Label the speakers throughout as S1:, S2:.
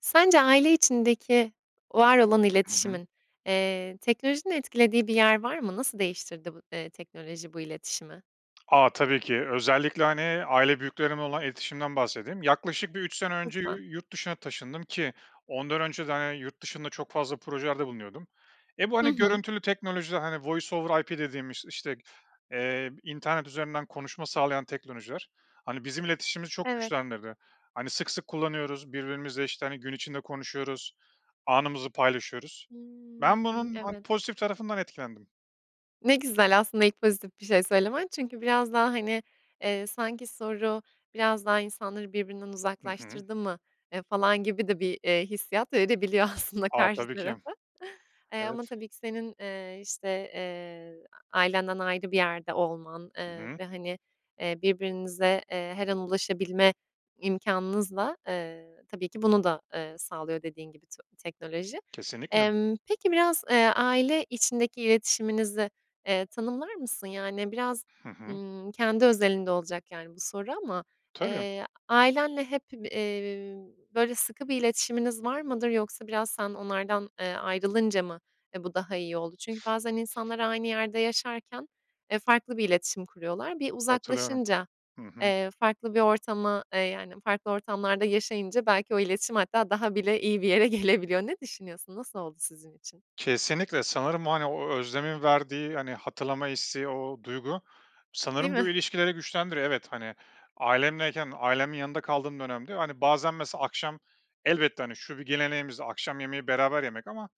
S1: Sence aile içindeki var olan
S2: Ih, hı hı.
S1: iletişimin, eee, teknolojinin etkilediği bir yer var mı? Nasıl değiştirdi bu, eee, teknoloji bu iletişimi?
S2: A, tabii ki. Özellikle, hani, aile büyüklerimle olan iletişimimden bahsedeyim. Yaklaşık bir 3 sene önce yu
S1: Lütfen.
S2: yurt dışına taşındım ki ondan önce de hani, yurt dışında çok fazla projelerde bulunuyordum. E, bu
S1: Hı
S2: hani
S1: hı.
S2: görüntülü teknolojiler, hani, Voice over IP dediğimiz işte g eee, internet üzerinden konuşma sağlayan teknolojiler. Hani, bizim iletişimimizi çok
S1: Evet.
S2: güçlendirdi. Hani, sık sık kullanıyoruz birbirimizle, işte, hani, gün içinde konuşuyoruz, anımızı paylaşıyoruz. Ben
S1: Hımm.
S2: bunun, hani,
S1: Evet.
S2: pozitif tarafından etkilendim.
S1: Ne güzel aslında ilk pozitif bir şey söylemen çünkü biraz daha, hani, eee, sanki soru, "Biraz daha insanları birbirinden
S2: Hı hı.
S1: uzaklaştırdı mı?", eee, falan gibi de bir, eee, hissiyat verebiliyor aslında
S2: A,
S1: karşı
S2: tabii ki.
S1: tarafa. Eee,
S2: Evet.
S1: ama tabii ki, senin, eee, işte, eee, a-ailenden ayrı bir yerde olman,
S2: Hı
S1: eee,
S2: hı.
S1: ve, hani, eee, birbirinize, eee, her an ulaşabilme imkânınızla, eee, tabii ki bunu da, eee, sağlıyor dediğin gibi to teknoloji.
S2: Kesinlikle.
S1: Emm, peki biraz, eee, aile içindeki iletişiminizi, eee, tanımlar mısın? Yani biraz,
S2: Hı hı.
S1: ımm, kendi özelinde olacak yani bu soru ama,
S2: Tabii.
S1: eee, a ailenle hep bı eee, böyle, sıkı bir iletişiminiz var mıdır yoksa biraz sen onlardan, eee, ayrılınca mı, eee, bu daha iyi oldu? Çünkü bazen insanlar aynı yerde yaşarken, eee, farklı bir iletişim kuruyorlar. Bir
S2: Katılıyorum.
S1: uzaklaşınca,
S2: Hı hı.
S1: eee, farklı bir ortama, eee, yani farklı ortamlarda yaşayınca belki o iletişim hatta daha bile iyi bir yere gelebiliyor. Ne düşünüyorsun? Nasıl oldu sizin için?
S2: Kesinlikle, sanırım, hani, o özlemin verdiği, hani, hatırlama isteği, o duygu
S1: Değil
S2: sanırım
S1: mi?
S2: bu ilişkileri güçlendiriyor. Evet, hani, ailemleyken ailemin yanında kaldığım dönemde, hani, bazen mesela akşam elbette, hani, şu bir geleneğimizdi, akşam yemeği beraber yemek ama,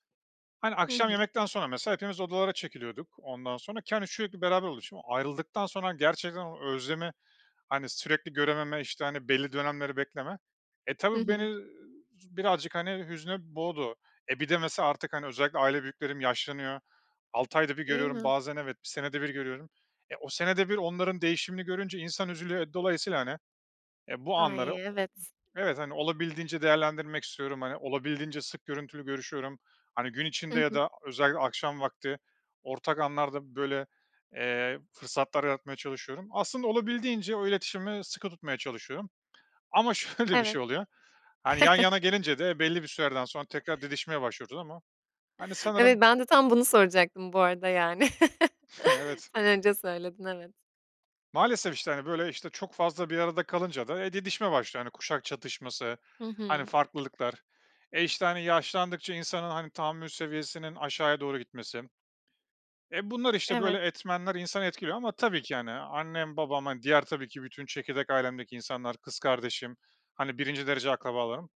S2: hani,
S1: Hı
S2: akşam
S1: hı.
S2: yemekten sonra mesela hepimiz odalara çekiliyorduk, ondan sonra ki, hani, sürekli beraber oluşum. Ayrıldıktan sonra gerçekten o özlemi, hani, sürekli görememe, işte, hani, belli dönemleri bekleme. E,
S1: Hı
S2: tabii
S1: hı.
S2: beni z birazcık hani hüzne boğdu, e, bir de mesela artık hani özellikle aile büyüklerim yaşlanıyor. 6 ayda 1
S1: Değil
S2: görüyorum
S1: mi?
S2: bazen evet, 1 senede 1 görüyorum. E, o senede 1 onların değişimini görünce insan üzülüyor dolayısıyla, hani, e, bu
S1: Ay,
S2: anları o
S1: evet.
S2: ıh evet, hani, olabildiğince değerlendirmek istiyorum. Hani, olabildiğince sık görüntülü görüşüyorum. Hani, gün
S1: Hı
S2: içinde ya
S1: hı.
S2: da a özellikle akşam vakti ortak anlarda böyle, eee, fırsatlar yaratmaya çalışıyorum. Aslında olabildiğince o iletişimi sıkı tutmaya çalışıyorum. Ama şöyle bir
S1: Evet.
S2: şey oluyor, hani, yan yana gelince de belli bir sürelerden sonra tekrar didişmeye başlıyoruz ama hani sanırım
S1: Evet. Ben de tam bunu soracaktım bu arada yani.
S2: Evet.
S1: Sen önce söyledin, evet.
S2: Maalesef, işte, hani, böyle, işte, çok fazla bir arada kalınca da e, didişme başlıyor kuşak çatışması,
S1: Hı
S2: hani,
S1: hı.
S2: farklılıklar. E, işte, hani, yaşlandıkça insanın, hani, tahammül seviyesinin aşağıya doğru gitmesi. E, bunlar, işte, böyle
S1: Evet.
S2: etmenler insanı etkiliyor ama tabii ki yani annem, babam, diğer tabii ki bütün çekirdek ailemdeki insanlar, kız kardeşim, hani, 1'inci derece akrabalarım.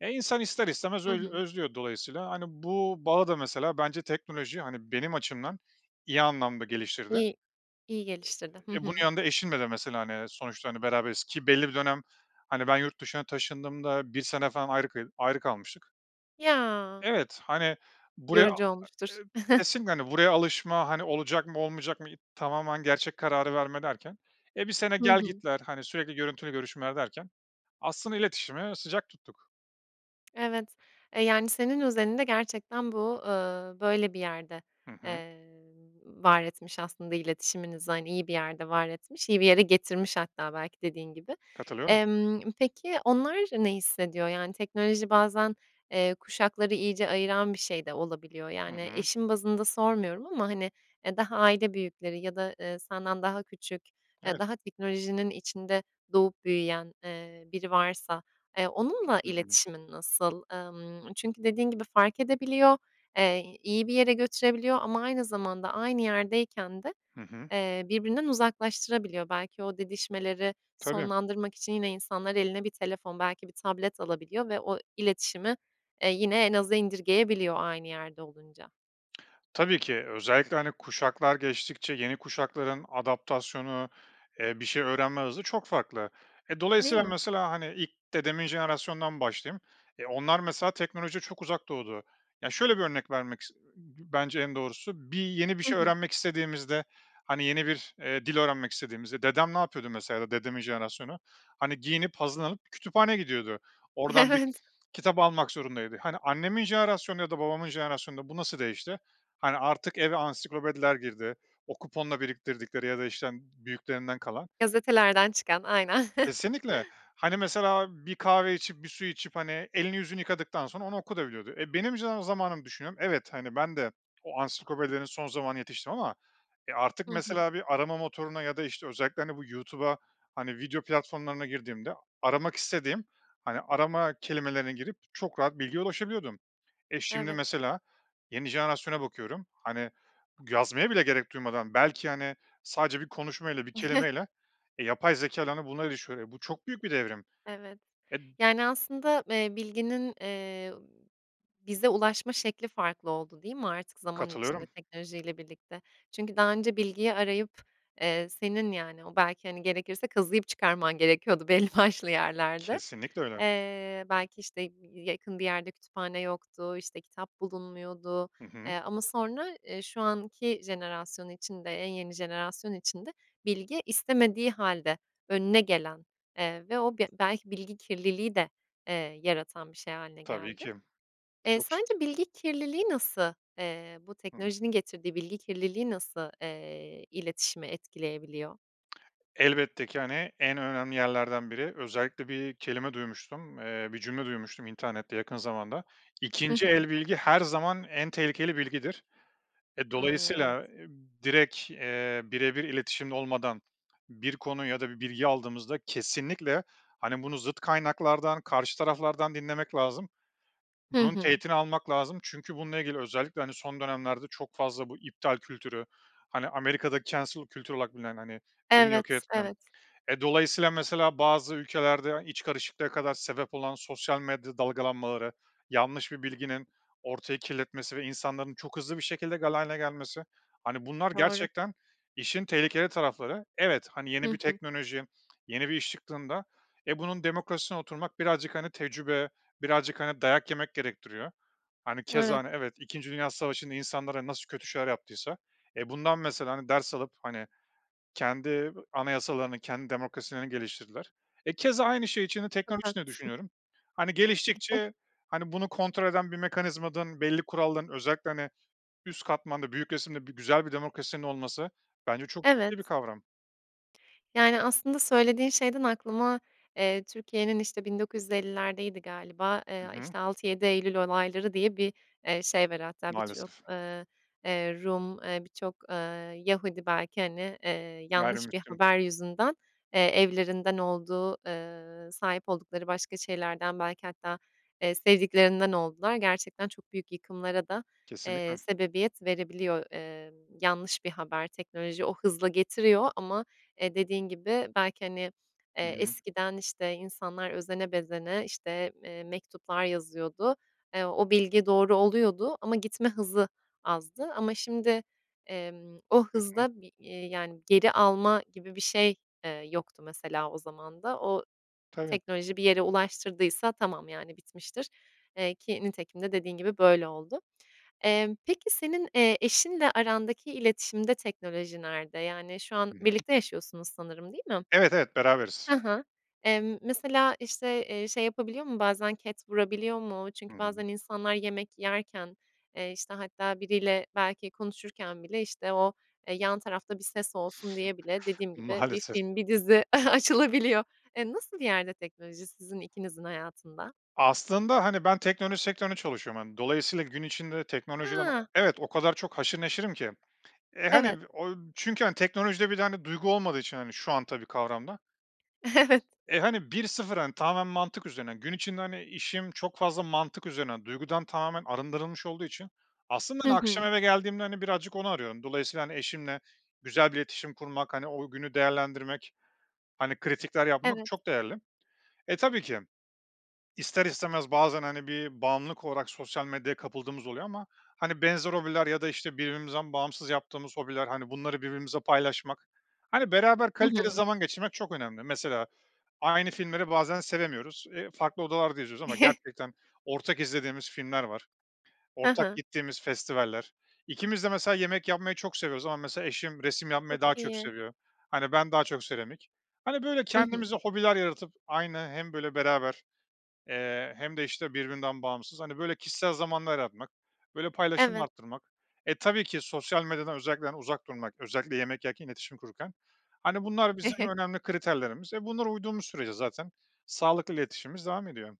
S2: E, insan ister istemez
S1: Hı
S2: öz
S1: hı.
S2: özlüyor dolayısıyla, hani, bu bağı da mesela bence teknoloji, hani, benim açımdan iyi anlamda geliştirdi.
S1: İyi iyi geliştirdi. Hı
S2: E, bunun
S1: hı.
S2: yanında eşimle de mesela, hani, sonuçta, hani, beraberiz ki belli bir dönem, hani, ben yurt dışına taşındığımda 1 sene falan ayrı kı ayrı kalmıştık.
S1: Ya.
S2: Evet, hani, buraya, a a
S1: Yorucu
S2: e
S1: olmuştur.
S2: kesinlikle, hani, buraya alışma, hani, olacak mı, olmayacak mı, y tamamen gerçek kararı verme derken. E, 1 sene
S1: Hı hı.
S2: gel-gitler, hani, sürekli görüntülü görüşmeler derken aslında iletişimi sıcak tuttuk.
S1: Evet. E, yani, senin özelinde gerçekten bu, eee, böyle bir yerde,
S2: Hı hı.
S1: eee, var etmiş aslında iletişiminizi, hani, iyi bir yerde var etmiş, iyi bir yere getirmiş hatta belki dediğin gibi.
S2: Katılıyorum.
S1: Emm, peki, onlar ne hissediyor? Yani, teknoloji bazen, eee, kuşakları iyice ayıran bir şey de olabiliyor.
S2: Hı
S1: Yani,
S2: hı.
S1: eşin bazında sormuyorum ama, hani, eee, daha aile büyükleri ya da, eee, senden daha küçük, eee,
S2: Evet.
S1: daha teknolojinin içinde doğup büyüyen, eee, biri varsa, eee, onunla
S2: Hı hı.
S1: iletişimin nasıl? Emm, çünkü dediğin gibi fark edebiliyor, eee, iyi bir yere götürebiliyor ama aynı zamanda aynı yerdeyken de,
S2: Hı hı.
S1: eee, birbirinden uzaklaştırabiliyor. Belki o didişmeleri
S2: Tabii.
S1: sonlandırmak için yine insanlar eline bir telefon, belki bir tablet alabiliyor ve o iletişimi, eee, yine en aza indirgeyebiliyor aynı yerde olunca.
S2: Tabii ki. Özellikle, hani, kuşaklar geçtikçe yeni kuşakların adaptasyonu, eee, bir şey öğrenme hızı çok farklı. E,
S1: Değil
S2: dolayısıyla
S1: mi?
S2: mesela, hani, ilk dedemin jenerasyonundan başlayayım. E, onlar mesela teknolojiye çok uzak doğdu. Ya, şöyle bir örnek vermek is bence en doğrusu; bir yeni bir
S1: Hı
S2: şey
S1: hı.
S2: öğrenmek istediğimizde, hani, yeni bir, eee, dil öğrenmek istediğimizde dedem ne yapıyordu mesela ya da dedemin jenerasyonu? Hani, giyinip hazırlanıp kütüphaneye gidiyordu. Oradan bir
S1: Evet.
S2: kitap almak zorundaydı. Hani, annemin jenerasyonu ya da babamın jenerasyonunda bu nasıl değişti? Hani, artık eve ansiklopediler girdi. O kuponla biriktirdikleri ya da, işte, hani, büyüklerinden kalan.
S1: Gazetelerden çıkan, aynen.
S2: Kesinlikle. Hani, mesela bir kahve içip, bir su içip, hani, elini yüzünü yıkadıktan sonra onu okuyabiliyordu da. E, benim jen zamanımı düşünüyorum, evet, ben de o ansiklopedilerin son zamanına yetiştim ama e, artık
S1: Hı hı.
S2: mesela bir arama motoruna ya da, işte, özellikle, hani, bu YouTube'a, hani, video platformlarına girdiğimde a aramak istediğim, hani, arama kelimelerine girip çok rahat bilgiye ulaşabiliyordum. E, şimdi
S1: Evet.
S2: mesela yeni jenerasyona bakıyorum, hani, yazmaya bile gerek duymadan belki, hani, sadece bir konuşma ile bir kelimeyle e, yapay zekâyla, hani, bunları [unintelligible] Bu, çok büyük bir devrim!
S1: Evet.
S2: E
S1: Yani, aslında, eee, bilginin, eee, bize ulaşma şekli farklı oldu, değil mi artık zaman içinde
S2: Katılıyorum.
S1: teknolojiyle birlikte? Çünkü daha önce bilgiyi arayıp, eee, senin, yani, o belki, hani, gerekirse kazıyıp çıkarman gerekiyordu belli başlı yerlerde.
S2: Kesinlikle öyle.
S1: Eee, belki, işte, y y yakın bir yerde kütüphane yoktu, işte, kitap bulunmuyordu.
S2: Hı hı.
S1: Eee, ama sonra, eee, şu anki jenerasyon içinde, en yeni jenerasyon içinde bilgi istemediği hâlde önüne gelen, eee, ve o bi belki bilgi kirliliği de, eee, yaratan bir şey hâline
S2: Tabii
S1: geldi.
S2: ki. Bu
S1: Eee,
S2: çok ciddi.
S1: sence bilgi kirliliği nasıl, eee, bu
S2: Hı hı.
S1: teknolojinin getirdiği bilgi kirliliği nasıl, eee, iletişimi etkileyebiliyor?
S2: Elbette ki, hani, en önemli yerlerden biri. Özellikle bir kelime duymuştum, eee, bir cümle duymuştum internette yakın zamanda,
S1: Hı
S2: 2'nci
S1: hı.
S2: el bilgi her zaman en tehlikeli bilgidir. Eee,
S1: Ay, evet.
S2: dolayısıyla, direkt, eee, birebir iletişimde olmadan bir konu ya da bir bilgi aldığımızda kesinlikle, hani, bunu zıt kaynaklardan karşı taraflardan dinlemek lazım.
S1: Hı
S2: Bunun
S1: hı.
S2: teğetini almak lazım çünkü bununla ilgili özellikle, hani, son dönemlerde çok fazla bu iptal kültürü, hani, Amerika'da cancel kültürü olarak bilinen, hani, birini yok
S1: Evet,
S2: etme.
S1: evet.
S2: Eee, dolayısıyla, mesela, bazı ülkelerde iç karışıklığa kadar sebep olan sosyal medya dalgalanmaları, yanlış bir bilginin ortayı kirletmesi ve insanların çok hızlı bir şekilde galeyana gelmesi. Hani, bunlar
S1: Doğru.
S2: gerçekten işin tehlikeli tarafları. Evet, hani, yeni
S1: Hı
S2: bir
S1: hı.
S2: teknoloji, yeni bir iş çıktığında, eee, bunun demokrasisine oturmak birazcık, hani, tecrübe, birazcık, hani, dayak yemek gerektiriyor. Hani, keza,
S1: Evet.
S2: hani, evet, 2. Dünya Savaşı'nda insanlara nasıl kötü şeyler yaptıysa, eee, bundan, mesela, hani, ders alıp, hani, kendi bı anayasalarını, kendi demokrasilerini geliştirdiler. E, keza, aynı şey içinde
S1: Çok
S2: teknoloji de
S1: haklısın.
S2: düşünüyorum. Hani,
S1: [unintelligible]
S2: geliştikçe, hani, bunu kontrol eden bir mekanizmanın, belli kuralların, özellikle, hani, üst katmanda, büyük resimde bir güzel bir demokrasinin olması bence çok ciddi bir
S1: Evet.
S2: kavram.
S1: Yani, aslında söylediğin şeyden aklıma, eee, Türkiye'nin, işte, 1950'lerdeydi galiba. Eee,
S2: Hı
S1: a
S2: hı.
S1: işte, 6-7 Eylül Olayları diye bir, eee, şey var hatta birçok,
S2: Maalesef.
S1: eee, eee, Rum, eee, birçok, eee, Yahudi belki, hani, eee, yanlış bir
S2: Gayrimüslim.
S1: haber yüzünden, eee, evlerinden olduğu, eee, sahip oldukları başka şeylerden belki hatta, eee, sevdiklerinden oldular. Gerçekten çok büyük yıkımlara da, eee,
S2: Kesinlikle.
S1: sebebiyet verebiliyor, eee, yanlış bir haber. Teknoloji o hızla getiriyor ama, eee, dediğin gibi belki, hani,
S2: Hı
S1: eee,
S2: hı.
S1: eskiden, işte, insanlar özene bezene, işte, eee, mektuplar yazıyordu, eee, o bilgi doğru oluyordu ama gitme hızı azdı. Ama şimdi, emm, o
S2: Hı hı.
S1: hızda bir, eee, yani, geri alma gibi bir şey, eee, yoktu mesela o zaman da. O
S2: Tabii.
S1: teknoloji bir yere ulaştırdıysa tamam, yani, bitmiştir. Eee, ki nitekim de dediğin gibi, böyle oldu. Emm, peki senin, eee, eşinle arandaki iletişimde teknoloji nerede? Yani, şu an
S2: Güzel.
S1: birlikte yaşıyorsunuz sanırım, değil mi?
S2: Evet, evet. Beraberiz.
S1: Ha ha. Emm, mesela, işte, eee, şey yapabiliyor mu, bazen ket vurabiliyor mu?
S2: Hı
S1: Çünkü
S2: hı.
S1: bazen insanlar yemek yerken, eee, işte, hatta biriyle belki konuşurken bile, işte, o, eee, yan tarafta bir ses olsun diye bile dediğim gibi, bir
S2: Maalesef.
S1: film, bir dizi açılabiliyor. Eee, nasıl bir yerde teknoloji sizin ikinizin hayatında?
S2: Aslında, hani, ben teknoloji sektöründe çalışıyorum. Hani, dolayısıyla gün içinde teknolojiden o
S1: Ha!
S2: Evet. O kadar çok haşır neşirim ki, eee, hani,
S1: Evet.
S2: o Çünkü, hani, teknolojide bir de, hani, duygu olmadığı için, hani, şu an tabii kavramda
S1: Evet.
S2: E, hani, 1-0 hani, tamamen mantık üzerine. Gün içinde, hani, işim çok fazla mantık üzerine. Duygudan tamamen arındırılmış olduğu için, aslında,
S1: Hı
S2: hani, akşam
S1: hı.
S2: eve geldiğimde, hani, birazcık onu arıyorum. Dolayısıyla, hani, eşimle güzel bir iletişim kurmak, hani, o günü değerlendirmek, hani, kritikler yapmak
S1: Evet.
S2: çok değerli. E, tabii ki. İster istemez bazen, hani, bir bağımlılık olarak sosyal medyaya kapıldığımız oluyor ama, hani, benzer hobiler ya da, işte, birbirimizden bağımsız yaptığımız hobiler, hani, bunları birbirimizle paylaşmak, hani, beraber
S1: Hı
S2: kaliteli
S1: hı.
S2: zaman geçirmek çok önemli. Mesela aynı filmleri bazen sevemiyoruz, eee, farklı odalarda izliyoruz ama gerçekten ortak izlediğimiz filmler var.
S1: Ha
S2: Ortak
S1: ha.
S2: gittiğimiz festivaller. İkimiz de mesela yemek yapmayı çok seviyoruz ama mesela eşim resim yapmayı
S1: Çok
S2: daha çok
S1: iyi.
S2: seviyor. Hani, ben daha çok seramik. Hani, böyle,
S1: Hı hı.
S2: kendimize hobiler yaratıp aynı hem, böyle, beraber, eee, hem de, işte, birbirinden bağımsız, hani, böyle, kişisel zamanlar yaratmak, böyle, paylaşımı
S1: Evet.
S2: arttırmak. E, tabii ki sosyal medyadan özellikle, hani, uzak durmak, özellikle yemek yerken iletişim kurarken. Hani, bunlar bizim önemli kriterlerimiz. E, bunlara uyduğumuz sürece zaten sağlıklı iletişimimiz devam ediyor.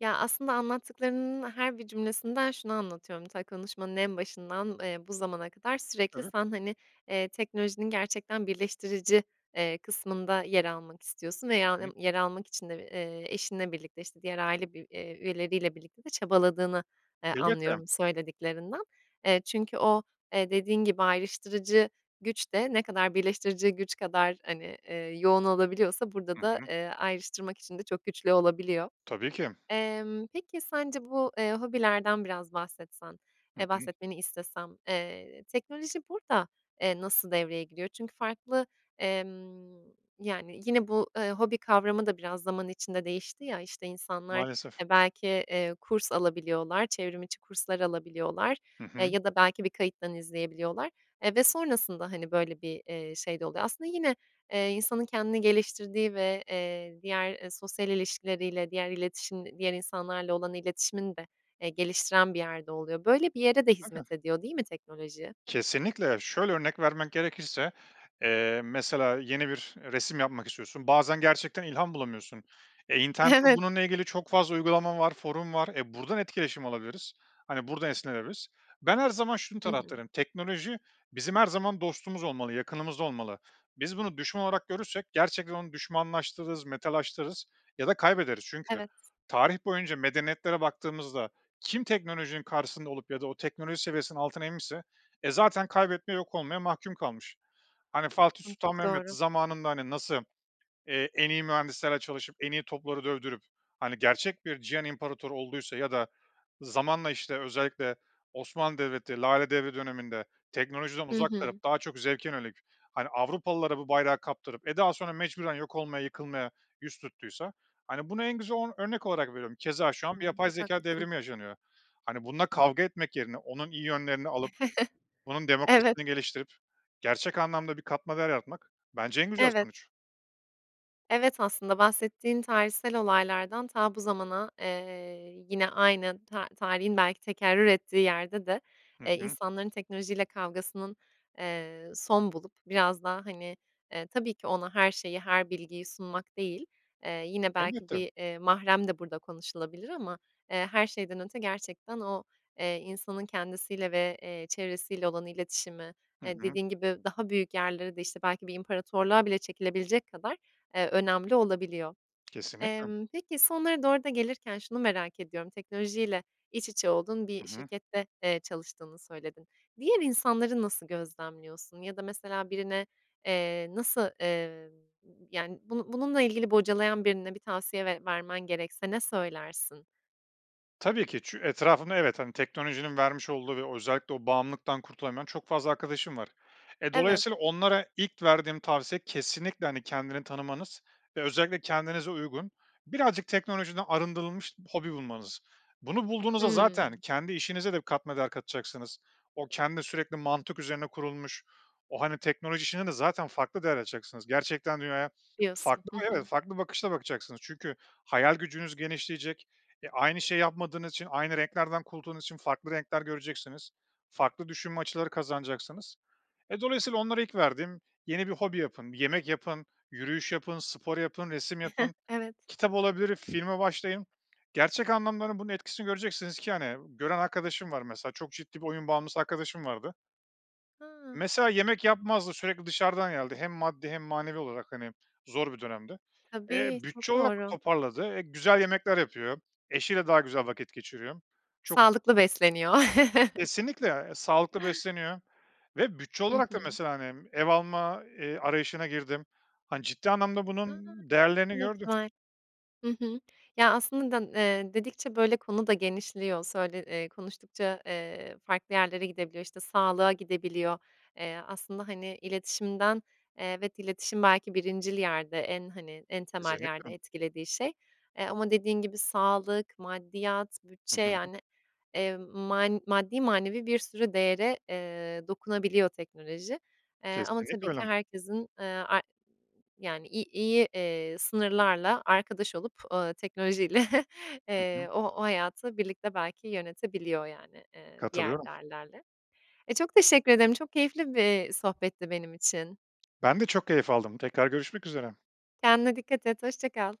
S1: Ya, aslında anlattıklarının her bir cümlesinden şunu anlatıyorum: Ta, konuşmanın en başından, eee, bu zamana kadar sürekli
S2: Evet.
S1: sen, hani, eee, teknolojinin gerçekten birleştirici, eee, kısmında yer almak istiyorsun
S2: I
S1: veya,
S2: hı.
S1: ımm, yer almak için de, eee, eşinle birlikte, işte, diğer aile bir eee, üyeleriyle birlikte de çabaladığını, eee,
S2: Elbette.
S1: anlıyorum söylediklerinden. Eee, çünkü o, eee, dediğin gibi ayrıştırıcı güç de ne kadar birleştirici güç kadar, hani, eee, yoğun olabiliyorsa burada
S2: Hı
S1: da,
S2: hı.
S1: eee, ayrıştırmak için de çok güçlü olabiliyor.
S2: Tabii ki.
S1: Emm, peki sence bu, eee, hobilerden biraz bahsetsen,
S2: Hı
S1: eee,
S2: hı.
S1: bahsetmeni istesem, eee, teknoloji burada, eee, nasıl devreye giriyor? Çünkü farklı, emm, yani, yine bu, ııı, hobi kavramı da biraz zaman içinde değişti ya, işte, insanlar,
S2: Maalesef.
S1: e, belki, eee, kurs alabiliyorlar, çevrim içi kurslar alabiliyorlar,
S2: Hı
S1: eee,
S2: hı.
S1: ya da belki bir kayıttan izleyebiliyorlar, eee, ve sonrasında, hani, böyle, bir, eee, şey de oluyor. Aslında yine, eee, insanın kendini geliştirdiği ve, eee, diğer, eee, sosyal ilişkileriyle diğer iletişim diğer insanlarla olan iletişimini de, eee, geliştiren bir yerde oluyor. Böyle bir yere de
S2: [unintelligible]
S1: hizmet ediyor değil mi teknoloji?
S2: Kesinlikle. Şöyle, örnek vermek gerekirse, eee, mesela yeni bir resim yapmak istiyorsun, bazen gerçekten ilham bulamıyorsun. E, internette
S1: Evet.
S2: bununla ilgili çok fazla uygulama var, forum var, e, buradan etkileşim alabiliriz, hani, buradan esinlenebiliriz. Ben her zaman şunun
S1: Hı hı.
S2: taraftarıyım. Teknoloji bizim her zaman dostumuz olmalı, yakınımızda olmalı. Biz bunu düşman olarak görürsek gerçekten onu düşmanlaştırırız, metalaştırız ya da kaybederiz. Çünkü
S1: Evet.
S2: tarih boyunca medeniyetlere baktığımızda kim teknolojinin karşısında olup ya da o teknoloji seviyesinin altına inmişse, e, zaten kaybetmeye, yok olmaya mahkum kalmış. Hani, Fatih
S1: Hımm.
S2: Sultan
S1: Çok
S2: Mehmet
S1: doğru.
S2: zamanında, hani, nasıl, eee, en iyi mühendislerle çalışıp, en iyi topları dövdürüp, hani, gerçek bir cihan imparatoru olduysa ya da zamanla, işte, özellikle Osmanlı Devleti Lale Devri döneminde teknolojiden
S1: Hı
S2: uzak
S1: hı.
S2: kalıp daha çok zevke yönelik, hani, Avrupalılara bu bayrağı kaptırıp, e, daha sonra mecburen yok olmaya, yıkılmaya yüz tuttuysa, hani, bunu en güzel o örnek olarak veriyorum. Keza şu an bir
S1: Imm.
S2: yapay
S1: Çok
S2: zekâ
S1: haklısın.
S2: devrimi yaşanıyor. Hani, bununla kavga etmek yerine onun iyi yönlerini alıp, bunun
S1: Evet.
S2: demokrasisini geliştirip gerçek anlamda bir katma değer yaratmak bence en güzel
S1: Evet.
S2: sonuç.
S1: Evet, aslında bahsettiğin tarihsel olaylardan ta bu zamana, eee, yine aynı ta tarihin belki tekerrür ettiği yerde de,
S2: Hı
S1: eee,
S2: hı.
S1: insanların teknolojiyle kavgasının, eee, son bulup biraz daha, hani, eee, tabii ki ona her şeyi, her bilgiyi sunmak değil, eee, yine belki
S2: Elbette.
S1: bir, eee, mahrem de burada konuşulabilir ama, eee, her şeyden önce gerçekten o, eee, insanın kendisiyle ve, eee, çevresiyle olan iletişimi,
S2: Hı
S1: eee,
S2: hı.
S1: dediğin gibi, daha büyük yerlere de, işte, belki bir imparatorluğa bile çekilebilecek kadar, eee, önemli olabiliyor.
S2: Kesinlikle.
S1: Emm, peki sonlara doğru da gelirken şunu merak ediyorum: Teknolojiyle iç içe olduğun
S2: I
S1: bir
S2: hı.
S1: şirkette, eee, çalıştığını söyledin; diğer insanları nasıl gözlemliyorsun? Ya da mesela birine, eee, nasıl, eee, yani, bunu bununla ilgili bocalayan birine bir tavsiye ver vermen gerekse ne söylersin?
S2: Tabii ki çü etrafında, evet, hani, teknolojinin vermiş olduğu ve özellikle o bağımlılıktan kurtulamayan çok fazla arkadaşım var. Eee,
S1: Evet.
S2: dolayısıyla onlara ilk verdiğim tavsiye kesinlikle, hani, kendini tanımanız ve özellikle kendinize uygun birazcık teknolojiden arındırılmış hobi bulmanız. Bunu bulduğunuzda zaten
S1: Hımm.
S2: kendi işinize de katma değer katacaksınız, o kendi sürekli mantık üzerine kurulmuş, o, hani, teknoloji işinde de zaten farklı değer açacaksınız. Gerçekten dünyaya
S1: Diyorsun.
S2: farklı,
S1: Hı
S2: evet,
S1: hı.
S2: farklı bakışla bakacaksınız çünkü hayal gücünüz genişleyecek, e, aynı şey yapmadığınız için aynı renklerden kurtulduğunuz için farklı renkler göreceksiniz, farklı düşünme açıları kazanacaksınız. E, dolayısıyla onlara ilk verdiğim yeni bir hobi yapın, yemek yapın, yürüyüş yapın, spor yapın, resim yapın,
S1: Evet.
S2: kitap olabilir filme başlayın gerçek anlamların bunun etkisini göreceksiniz ki, hani, gören arkadaşım var mesela çok ciddi bir oyun bağımlısı arkadaşım vardı
S1: Hıı.
S2: mesela yemek yapmazdı sürekli dışarıdan yerdi hem maddi hem manevi olarak, hani, zor bir dönemdi. Eee,
S1: Tabii, çok
S2: bütçe olarak
S1: doğru.
S2: toparladı, eee, güzel yemekler yapıyor eşiyle daha güzel vakit geçiriyor çok
S1: Sağlıklı besleniyor.
S2: Kesinlikle, e, sağlıklı besleniyor ve bütçe
S1: Hı
S2: olarak da
S1: hı.
S2: mesela hani ev alma, eee, arayışına girdim, hani, ciddi anlamda
S1: A,
S2: bunun değerlerini
S1: ne
S2: gördü.
S1: güzel. Hı hı. Ya, aslında d eee, dedikçe böyle konu da genişliyor, söyle eee, konuştukça, eee, farklı yerlere gidebiliyor. İşte sağlığa gidebiliyor. Eee, aslında hani iletişimden, eee, evet iletişim belki birincil yerde en, hani, en temel yerde
S2: Kesinlikle.
S1: etkilediği şey, eee, ama dediğin gibi sağlık, maddiyat,
S2: Hı
S1: bütçe,
S2: hı.
S1: yani, eee, man maddi manevi bir sürü değere, eee, dokunabiliyor teknoloji. Eee, ama
S2: Kesinlikle
S1: tabii ki
S2: öyle.
S1: herkesin, eee, ar yani i iyi, eee, sınırlarla arkadaş olup, ııı, teknolojiyle
S2: Hı hı.
S1: eee, o o hayatı birlikte belki yönetebiliyor yani, eee, diğer
S2: Katılıyorum.
S1: değerlerle. Eee, çok teşekkür ederim, çok keyifli bir sohbetti benim için.
S2: Ben de çok keyif aldım, tekrar görüşmek üzere.
S1: Kendine dikkat et, hoşça kal.